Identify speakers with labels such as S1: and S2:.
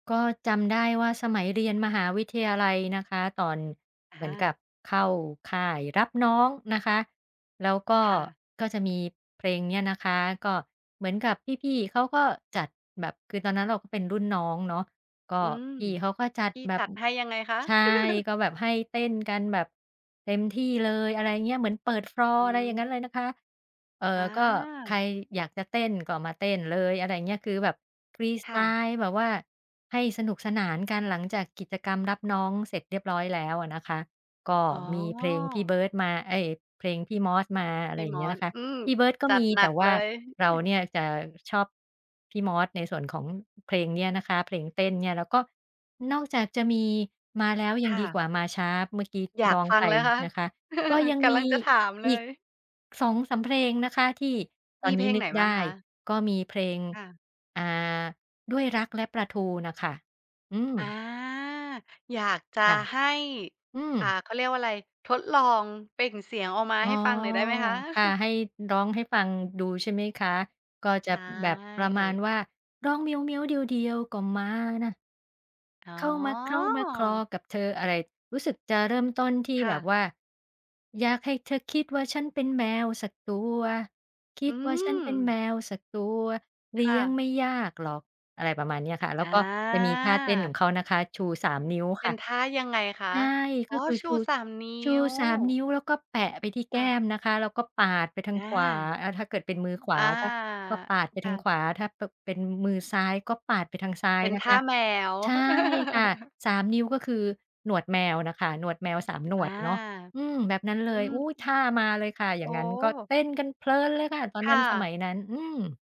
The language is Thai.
S1: ก็จำได้ว่าสมัยเรียนมหาวิทยาลัยนะคะ ตอน
S2: อ
S1: เหมือนกั
S2: า
S1: บเข้าค่ายรับน้องนะคะ แล้วก็
S2: ค่ะ
S1: ก็จะมีเพลงเนี้ยนะคะ ก็เหมือนกับพี่ ๆ เขาก็จัดแบบ คือตอนนั้นเราก็ เป็นรุ่นน้องเนาะ ก็
S2: อืม
S1: พี่เขาก็จัด
S2: พี่
S1: แบ
S2: จ
S1: บ
S2: ัด
S1: อ
S2: ให้ยังไงคะ?
S1: ใช่ ก็แบบให้เต้นกันแบบเต็มที่เลย อะไรอย่างเงี้ย เหมือนเปิด ฟลอร
S2: อ
S1: ์
S2: ื
S1: อะไรอย่างง
S2: ม
S1: ั้นเลยนะคะ เอ่อ ก็ใค
S2: อา
S1: รอยากจะเต้น ก็มาเต้นเลย อะไรอย่างเงี้ย คือแบบฟรีส
S2: ค
S1: ไต
S2: ่ะ
S1: ล์แบบว่าให้สนุกสนานกัน หลังจากกิจกรรมรับน้องเสร็จเรียบร้อยแล้วอะนะคะ ก็
S2: อ๋อ
S1: มีเพลงพี่เบิร์ดมา เอ๊ย! เพลงพี่มอสมา อะไ
S2: พ
S1: ร
S2: ี่
S1: อย่า
S2: ม
S1: งเงี้
S2: อ
S1: ยน
S2: ส
S1: ะคะ
S2: อืม
S1: พี่เบิร์ดก็
S2: จั
S1: ม
S2: ด
S1: ี
S2: หนั
S1: แต่
S2: ก
S1: ว
S2: เ
S1: ่
S2: ล
S1: า
S2: ย
S1: เราเนี่ยจะชอบพี่มอส ในส่วนของ เพลงเนี้ยนะคะ เพลงเต้นเนี่ย แล้วก็นอกจากจะมี "มาแล้วยั
S2: ค
S1: ง
S2: ่
S1: ดี
S2: ะ
S1: กว่ามาช้า" เมื่อกี้ท
S2: อ
S1: ี
S2: ย
S1: ่
S2: า
S1: ร
S2: ก
S1: ้อง
S2: ฟั
S1: ไป
S2: งเลยนะคะ
S1: นะคะ ก็ยัง
S2: ก
S1: ม
S2: ำลั
S1: ี
S2: งจะถามเล
S1: อีก
S2: ย
S1: 2-3 เพลงนะคะที่ต
S2: ม
S1: อ
S2: ี
S1: น
S2: เ
S1: น
S2: พ
S1: ี้
S2: ลง
S1: น
S2: ไ
S1: ึ
S2: ห
S1: ก
S2: นบ
S1: ไ
S2: ้า
S1: ด
S2: ง
S1: ้
S2: คะ?
S1: ก็มีเพลง
S2: ค่ะ
S1: อ่า "ด้วยรักและปลาทู" น่ะค่ะ อื
S2: อา
S1: ม
S2: อยากจะ
S1: ค่ะ
S2: ให้
S1: อื
S2: อ่า
S1: ม
S2: เขาเรียกว่าไร ทดลองเปล่งเสียงออกมา
S1: อ๋
S2: ใ
S1: อ
S2: ห้ฟังหน่อยได้ไหมคะ?
S1: ค่ะ ให้ร้องให้ฟังดูใช่ไหมคะ ก็
S2: ใ
S1: จ
S2: ช
S1: ะแบบประมา
S2: ่
S1: ณว่า ร้องเหมียวเหมียว เดี๋ยวเดียวก็มา น่ะ
S2: อ๋
S1: เข้ามาเคล้ามาคลอ
S2: อ
S1: กับเธอ อะไร รู้สึกจะเริ่มต้นที่
S2: ค่
S1: แบ
S2: ะ
S1: บว่า อยากให้เธอคิดว่าฉันเป็นแมวสักตัว คิ
S2: อื
S1: ดว่าฉันเป็นแม
S2: ม
S1: วสักตัว เล
S2: ค
S1: ี
S2: ่
S1: ้ยง
S2: ะ
S1: ไม่ยากหรอก อะไรประมาณเนี้ยค่ะ แล้วก็จะมีท่าเต้นขอ
S2: อา
S1: งเขานะคะ ชู 3 นิ้ว
S2: เ
S1: ค
S2: ป
S1: ่
S2: ็
S1: ะ
S2: นท่ายังไงค
S1: ใ
S2: ะ
S1: ช่
S2: อ๋
S1: ก็
S2: อ
S1: คือ
S2: ช
S1: ช
S2: ู
S1: ู
S2: 3 นิ
S1: ชู
S2: ้ว
S1: 3 นิ้ว แล้วก็แปะไปที่แ
S2: ค
S1: ก
S2: ่
S1: ้
S2: ะ
S1: มนะคะ แล้วก็ปาดไปทา
S2: อ
S1: งขวา
S2: า
S1: อา ถ้าเกิดเป็นมือขว
S2: อา
S1: าก็ ก็ปาดไป
S2: ค
S1: ท
S2: ่
S1: าง
S2: ะ
S1: ขวา ถ้า ป เป็นมือซ้ายก็ปาดไปทางซ้า
S2: เ
S1: ย
S2: ป็น
S1: น
S2: ท
S1: ะค
S2: ่า
S1: ะ
S2: แมว
S1: ใช่ค่ะ 3 นิ้วก็คือหนวดแมวนะคะ หนวดแมว 3 หน
S2: อา
S1: วดเนาะ อืม แบบนั้นเล
S2: อื
S1: ย อุ๊
S2: ม
S1: ย! ท่ามาเลยค่ะ อ
S2: โ
S1: ย
S2: อ
S1: ่
S2: ้
S1: างงั้น ก็เต้นกันเพลินเลยค่ะ ตอน
S2: ค
S1: นั
S2: ่
S1: ้น สม
S2: ะ
S1: ัยนั้น อืม